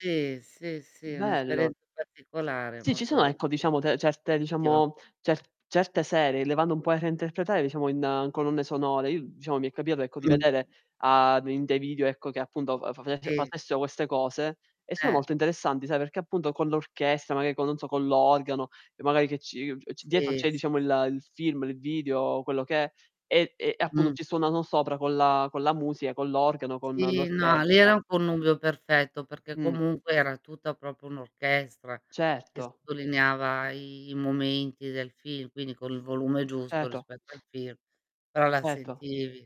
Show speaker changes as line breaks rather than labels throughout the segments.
Sì, sì, sì, è un'
Bello.
esperienza particolare
Sì, ci sono,
molto
ecco, diciamo de certe,
[unintelligible]
diciamo, cer certe serie, le vanno un po' a reinterpretare, diciamo, in colonne sonore. I diciamo mi è capitato ecco di
Mh.
vedere a d in dei video, ecco, che appunto fa faveffe
Sì.
facessero queste cose e sono
Eh.
molto interessanti, sai, perché appunto con l'orchestra magari co non so, con l'organo e magari che ci uhm, c dietro
Sì, sì,
c'è
s
diciamo il il film, il video, quello che è, e e appunto
Mh.
ci suonano sopra con la con la musica, con l'organo, con
Sì, no, lì
l'orchestra.
era un connubio perfetto perché
Mh.
comunque era tutta proprio un'orchestra che
Certo.
sottolineava i i momenti del film, quindi con il volume giusto
Certo.
rispetto al film, però la
Erto.
sentivi.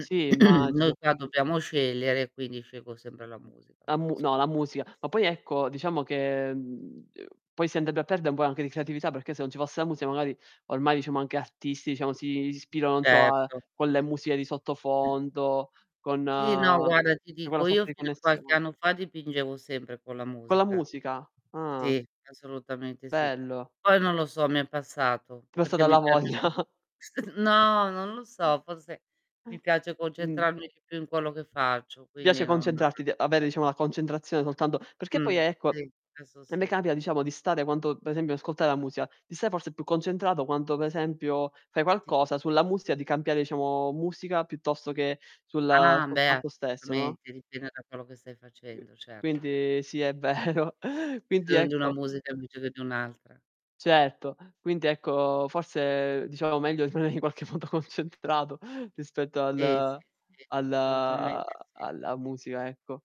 Sì,
Noi
immagino.
qua dobbiamo scegliere, quindi scelgo sempre la musica
La mu no, la
[unintelligible]
musica. Ma poi ecco, diciamo che, mhmm, uhm, poi si andrebbe a perde un po' anche di creatività, perché se non ci fosse la musica magari, ormai diciamo anche artisti, diciamo, si ispira, non so, a
Certo.
con le musiche di sottofondo, con
Sì, no, guarda ti
c'è quella
dico,
sorta
io
di
fino a qualche
connessione.
anno fa dipingevo sempre con la
Con la
musica.
musica, ah.
Sì, assolutamente sì.
Bello.
Poi, non lo so, mi è passato
T'è
perché
passata la
mi piace
voglia.
più st no, non lo so, forse mi piace
Mh.
concentrarmi di più in quello che faccio,
Ti piace
quindi non
concentrarti di avere diciamo la concentrazione soltanto perché poi,
Mh,
ecco,
sì,
a
adesso
me
sì.
capita diciamo di stare quanto per esempio ascoltare la musica, di stare forse più concentrato quanto per esempio fai
Sì.
qualcosa sulla musica, di cambiare diciamo musica piuttosto che sulla
Ah
sul
beh,
fatto stesso, no?
assolutamente, dipende da quello che stai
Qui
facendo, certo
quindi sì
[unintelligible]
è vero. Quindi
bisogno di una
ecco
musica, invece che di un'altra.
Certo. Quindi, ecco, forse diciamo meglio [unintelligible] qualche modo concentrato rispetto
Sì, sì,
al
sì,
al
assolutamente sì.
alla musica, ecco.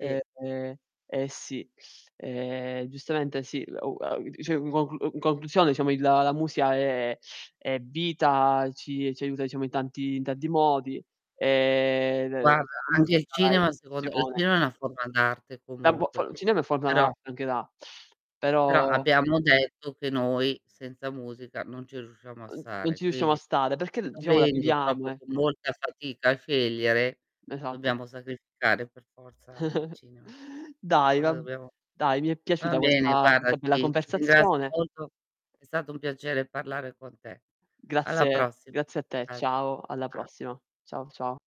Sì.
eh sì, ehm, giustamente sì, lu a [unintelligible] in conclusione diciamo il la musica è è vita, ci ci aiuta, diciamo in tanti in tanti modi, ehm, l
Guarda,
la musica
anche il
è
cinema secondo il
emozione
cinema è una forma d'arte
Da bo
comunque,
fo il cinema è
però
[unintelligible] anche da
però
però
abbiamo detto che noi senza musica non ci riusciamo a
N non
stare,
ci riusciamo a
quindi
stare perché d diciamo la
dovendo
chiudiamo,
proprio con
ecco.
molta fatica a scegliere,
Esatto.
dobbiamo sacrificare per forza il cinema.
Dai,
Cosa
vab
dobbiamo
dai, mi è
va
piaciuta
bene,
questa
guarda,
questa bella
ti ti ringrazio
conversazione
molto, è stato un piacere parlare con te. Alla
Grazie
prossima.
grazie a te. Ciao, alla
[unintelligible]
prossima. Ciao, ciao.